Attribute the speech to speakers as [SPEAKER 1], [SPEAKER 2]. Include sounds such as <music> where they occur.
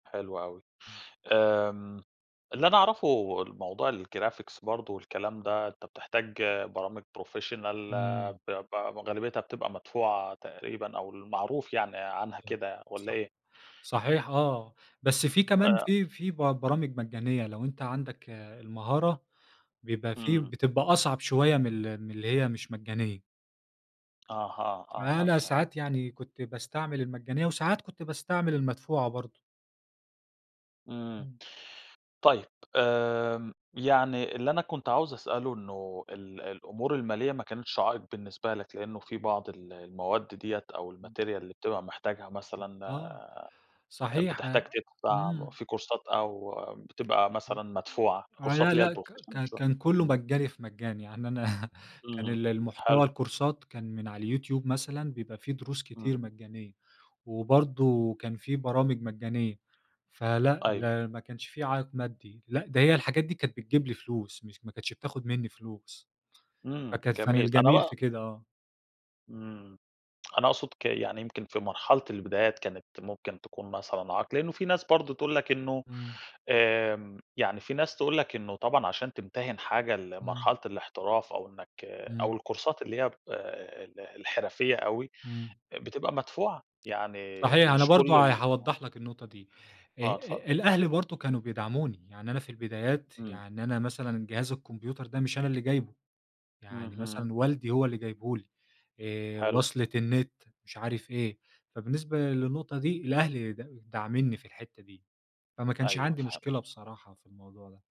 [SPEAKER 1] حلو أوي. آمم، اللي أنا أعرفه الموضوع الجرافيكس برضه والكلام ده، أنت بتحتاج برامج professional
[SPEAKER 2] إمم.
[SPEAKER 1] ب ب غالبيّتها بتبقى مدفوعة تقريبًا، أو المعروف يعني عنها
[SPEAKER 2] آه،
[SPEAKER 1] كده والَّا
[SPEAKER 2] صح.
[SPEAKER 1] إيه؟
[SPEAKER 2] صحيح، آه. بس في كمان،
[SPEAKER 1] آآ
[SPEAKER 2] في في ب برامج مجانية لو أنت عَندك المهارة، بيبقى فيه
[SPEAKER 1] إمم.
[SPEAKER 2] بتبقى أصعب شوية من ال من اللي هي مش مجانية.
[SPEAKER 1] أها، أها،
[SPEAKER 2] فأنا
[SPEAKER 1] فهِمت.
[SPEAKER 2] ساعات يعني كنت باستعمل المجانية وساعات كنت باستعمل المدفوعة برضه.
[SPEAKER 1] إمم.
[SPEAKER 2] إمم.
[SPEAKER 1] طيب. آمم، يعني اللي أنا كنت عاوز أسأله إنه ال الأمور الماليّة ما كانتش عائق بالنسبة لك، لإنه في بعض ال المواد دِيَّة أو
[SPEAKER 2] إمم.
[SPEAKER 1] الmaterial اللي بتبقى محتاجها مثلًا
[SPEAKER 2] آه،
[SPEAKER 1] آآ،
[SPEAKER 2] صحيح ه
[SPEAKER 1] بتحتاج تدفَع
[SPEAKER 2] إمم.
[SPEAKER 1] في كورسات أو بتبقى
[SPEAKER 2] م
[SPEAKER 1] مثلًا مدفوعة
[SPEAKER 2] هو
[SPEAKER 1] الكورسات
[SPEAKER 2] لأ،
[SPEAKER 1] اللي هي
[SPEAKER 2] ل، ك
[SPEAKER 1] الprofessional
[SPEAKER 2] ك
[SPEAKER 1] شو
[SPEAKER 2] كان كلّه
[SPEAKER 1] إمم.
[SPEAKER 2] مجاني في مجاني. يعني أنا <chuckles> كان
[SPEAKER 1] إمم.
[SPEAKER 2] ال
[SPEAKER 1] حلو.
[SPEAKER 2] المحتوى الكورسات كان من على اليوتيوب مثلًا بيبقى في دروس كتير
[SPEAKER 1] امم.
[SPEAKER 2] مجانية، وبرضه كان في برامج مجانية، فلأ،
[SPEAKER 1] أيوه.
[SPEAKER 2] لا ما كانش في عائق مادّي. لأ، ده هي الحاجات دي كانت بتجيب لي فلوس مش ما كانتش بتاخد منّي فلوس.
[SPEAKER 1] إمم.
[SPEAKER 2] فكانت كان
[SPEAKER 1] جميل، أنا
[SPEAKER 2] الجميل
[SPEAKER 1] بقى
[SPEAKER 2] في كده، آه.
[SPEAKER 1] إمم. أنا أقصُد ك يعني يمكن في مرحلة البدايات كانت ممكن تكون مثلًا عائق لإنه في ناس برضه تقول لك إنه
[SPEAKER 2] إمم.
[SPEAKER 1] آمم، يعني في ناس تقول لك إنه طبعًا عشان تمتهِن حاجة
[SPEAKER 2] إمم.
[SPEAKER 1] لمرحلة الإحتراف، أو إنك أو
[SPEAKER 2] إمم.
[SPEAKER 1] الكورسات اللي هي ب ال الحِرفيّة أوي
[SPEAKER 2] إمم.
[SPEAKER 1] أ بتبقى مدفوعة، يعني
[SPEAKER 2] صحيح أنا
[SPEAKER 1] مش كل
[SPEAKER 2] برضه ه
[SPEAKER 1] ال آه.
[SPEAKER 2] هاوضح لك النقطة دي. آآ،
[SPEAKER 1] آه، اتفضّل.
[SPEAKER 2] آآ الأهل برضه كانوا بيدعموني. يعني أنا في البدايات،
[SPEAKER 1] إمم.
[SPEAKER 2] يعني أنا مثلًا جهاز الكمبيوتر ده مش أنا اللي جايبه، يعني
[SPEAKER 1] اهم.
[SPEAKER 2] مثلًا والدي هو اللي جايبه لي آآ،
[SPEAKER 1] حلو.
[SPEAKER 2] وصْلة النت مش عارف إيه، فبالنسبة للنقطة دي الأهل د داعمينِّي في الحِتّة دي. فما كانش
[SPEAKER 1] أيوه
[SPEAKER 2] عندي
[SPEAKER 1] فهِمت.
[SPEAKER 2] مشكلة بصراحة في الموضوع ده.